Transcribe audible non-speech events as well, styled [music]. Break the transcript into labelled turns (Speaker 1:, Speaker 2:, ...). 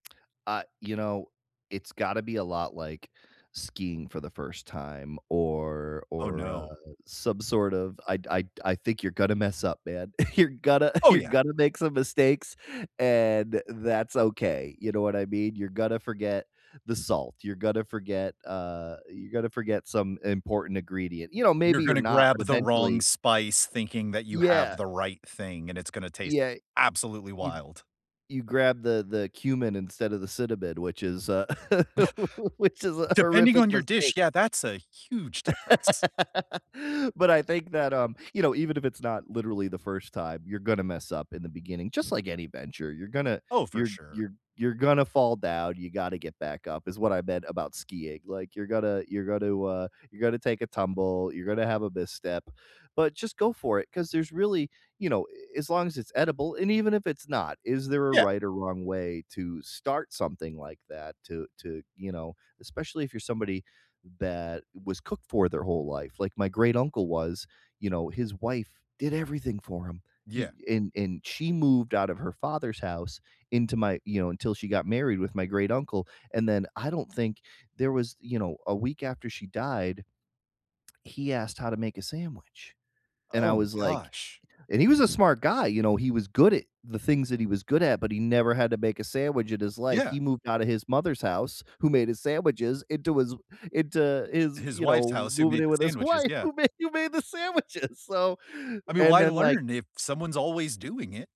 Speaker 1: Ah, you know, it's gotta be a lot like skiing for the 1st time or
Speaker 2: Oh,
Speaker 1: or, uh,
Speaker 2: no.
Speaker 1: some sort of I I I think you're gonna mess up, man. [chuckles] You're gonna [chuckles]
Speaker 2: Oh,
Speaker 1: you're
Speaker 2: yeah.
Speaker 1: gonna make some mistakes, and that's okay. You know what I mean? You're gonna forget the salt, you're gonna forget, uh, you're gonna forget some important ingredient. You know, maybe
Speaker 2: You're
Speaker 1: you're
Speaker 2: gonna
Speaker 1: not, but
Speaker 2: grab the wrong
Speaker 1: eventually
Speaker 2: spice thinking that you
Speaker 1: Yeah. Y
Speaker 2: have the right thing, and it's gonna taste
Speaker 1: yeah.
Speaker 2: absolutely
Speaker 1: You
Speaker 2: wild.
Speaker 1: you grab the the cumin instead of the cinnamon, which is a
Speaker 2: [chuckles]
Speaker 1: [laughs] which is a
Speaker 2: Depending
Speaker 1: horrific
Speaker 2: on your dish,
Speaker 1: mistake.
Speaker 2: yeah, that's a huge difference.
Speaker 1: [laughs] But I think that, um, you know, even if it's not literally the 1st time, you're gonna mess up in the beginning just like any venture. You're gonna
Speaker 2: Oh, for
Speaker 1: you're
Speaker 2: sure.
Speaker 1: you're you're gonna fall down, you gotta get back up is what I meant about skiing. Like, you're gonna you're gonna, uh, you're gonna take a tumble, you're gonna have a misstep. But just go for it 'cause there's really you know, eh, as long as it's edible, and even if it's not, is there a
Speaker 2: Yeah.
Speaker 1: right or wrong way to start something like that to to you know, especially if you're somebody that was cooked for their whole life. Like my great-uncle was, you know, his wife did everything for him. He
Speaker 2: Yeah.
Speaker 1: and and she moved out of her father's house into my you know, until she got married with my great-uncle, and then I don't think there was you know, a week after she died, he asked how to make a sandwich. And I
Speaker 2: Oh my
Speaker 1: was like
Speaker 2: gosh.
Speaker 1: and he was a smart guy, you know, he was good at the things that he was good at, but he never had to make a sandwich in his life.
Speaker 2: Yeah.
Speaker 1: He moved out of his mother's house who made his sandwiches into his into his
Speaker 2: His
Speaker 1: you
Speaker 2: wife's
Speaker 1: know,
Speaker 2: house who
Speaker 1: moving
Speaker 2: made
Speaker 1: in
Speaker 2: the
Speaker 1: with his
Speaker 2: sandwiches,
Speaker 1: wife,
Speaker 2: yeah.
Speaker 1: who made who made the sandwiches. So
Speaker 2: I mean,
Speaker 1: and
Speaker 2: why
Speaker 1: then, like
Speaker 2: learn if someone's always doing it?